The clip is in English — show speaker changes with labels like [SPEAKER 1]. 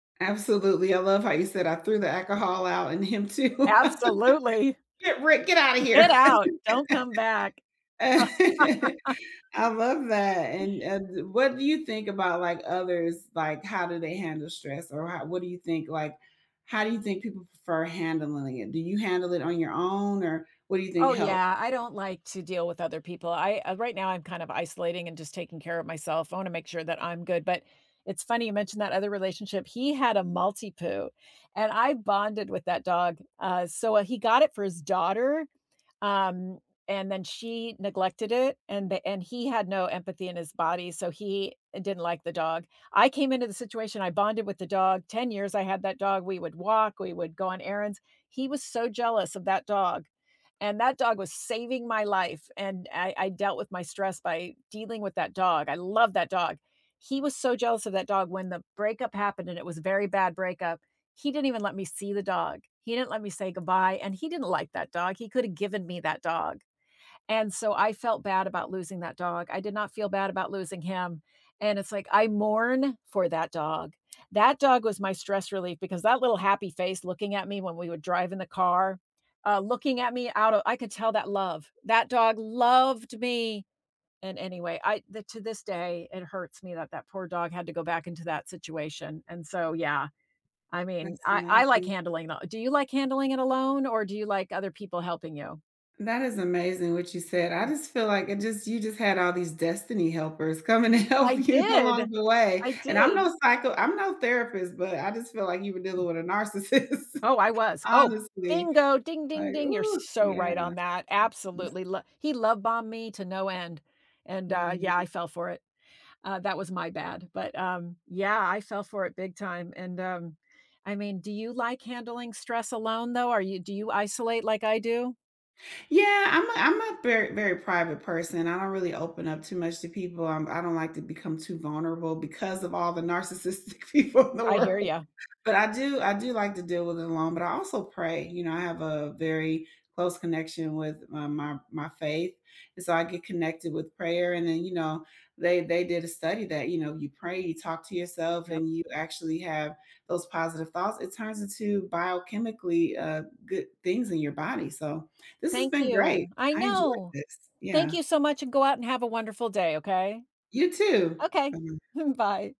[SPEAKER 1] Absolutely, I love how you said I threw the alcohol out in him too,
[SPEAKER 2] Absolutely.
[SPEAKER 1] get Rick, get out of
[SPEAKER 2] Get
[SPEAKER 1] here,
[SPEAKER 2] out, don't come back.
[SPEAKER 1] I love that, and and what do you think about, like, others like how do they handle stress or how what do you think? Like, how do you think people prefer handling it? Do you handle it on your own or what do you think
[SPEAKER 2] Oh
[SPEAKER 1] help?
[SPEAKER 2] yeah, I don't like to deal with other people, I, uh right now I'm kind of isolating and just taking care of myself, I wanna make sure that I'm good, but it's funny you mentioned that other relationship, he had a Maltipoo, and I bonded with that dog, uh, so, uh, he got it for his daughter, um, and then she neglected it, and and he had no empathy in his body, so he didn't like the dog. I came into the situation, I bonded with the dog, 10 years I had that dog, we would walk, we would go on errands. He was so jealous of that dog, and that dog was saving my life, and I I dealt with my stress by dealing with that dog, I love that dog, he was so jealous of that dog when the breakup happened and it was a very bad breakup, he didn't even let me see the dog, he didn't let me say goodbye, and he didn't like that dog. He could have given me that dog, and so I felt bad about losing that dog, I did not feel bad about losing him, and it's like I mourn for that dog, that dog was my stress relief because that little happy face looking at me when we would drive in the car, uh, looking at me out of I could tell that love, that dog loved me. And any way, I to this day, it hurts me that that poor dog had to go back into that situation, and so, yeah, I mean,
[SPEAKER 1] That's
[SPEAKER 2] I I like
[SPEAKER 1] amazing.
[SPEAKER 2] handling that do you like handling it alone or do you like other people helping you?
[SPEAKER 1] That is amazing what you said, I just feel like it just you just had all these destiny helpers coming to
[SPEAKER 2] I
[SPEAKER 1] help you
[SPEAKER 2] did,
[SPEAKER 1] along the way
[SPEAKER 2] I
[SPEAKER 1] and I'm
[SPEAKER 2] did.
[SPEAKER 1] no psycho I'm no therapist, but I just feel like you were dealing with a narcissist,
[SPEAKER 2] Oh, I was, oh,
[SPEAKER 1] honestly,
[SPEAKER 2] bingo, ding ding
[SPEAKER 1] like,
[SPEAKER 2] ding, you're
[SPEAKER 1] ooh,
[SPEAKER 2] so
[SPEAKER 1] yeah.
[SPEAKER 2] right on that.
[SPEAKER 1] Yep.
[SPEAKER 2] Absolutely, lo he love bombed me to no end, and, uh, yeah,
[SPEAKER 1] Mm.
[SPEAKER 2] I fell for it, uh, that was my bad, but, um, yeah, I fell for it big time, and, um, I mean, do you like handling stress alone though? Are you do you isolate like I do?
[SPEAKER 1] Yeah, I'm a I'm a very very private person, I don't really open up too much to people, um, I don't like to become too vulnerable because of all the narcissistic people in the
[SPEAKER 2] I hear
[SPEAKER 1] world,
[SPEAKER 2] ya.
[SPEAKER 1] but I do I do like to deal with it alone, but I also pray, you know, I have a very close connection with my my my, faith and so I get connected with prayer and then you know, they they did a study that, you know, you pray, you talk to yourself
[SPEAKER 2] Yup.
[SPEAKER 1] and you actually have those positive thoughts. It turns into biochemically, uh, good things in your body, so this has
[SPEAKER 2] Thank
[SPEAKER 1] been great.
[SPEAKER 2] you, I
[SPEAKER 1] I enjoyed
[SPEAKER 2] know,
[SPEAKER 1] this,
[SPEAKER 2] thank
[SPEAKER 1] yeah.
[SPEAKER 2] you so much and go out and have a wonderful day, okay?
[SPEAKER 1] You too!
[SPEAKER 2] Okay.
[SPEAKER 1] [unintelligible]
[SPEAKER 2] Bye.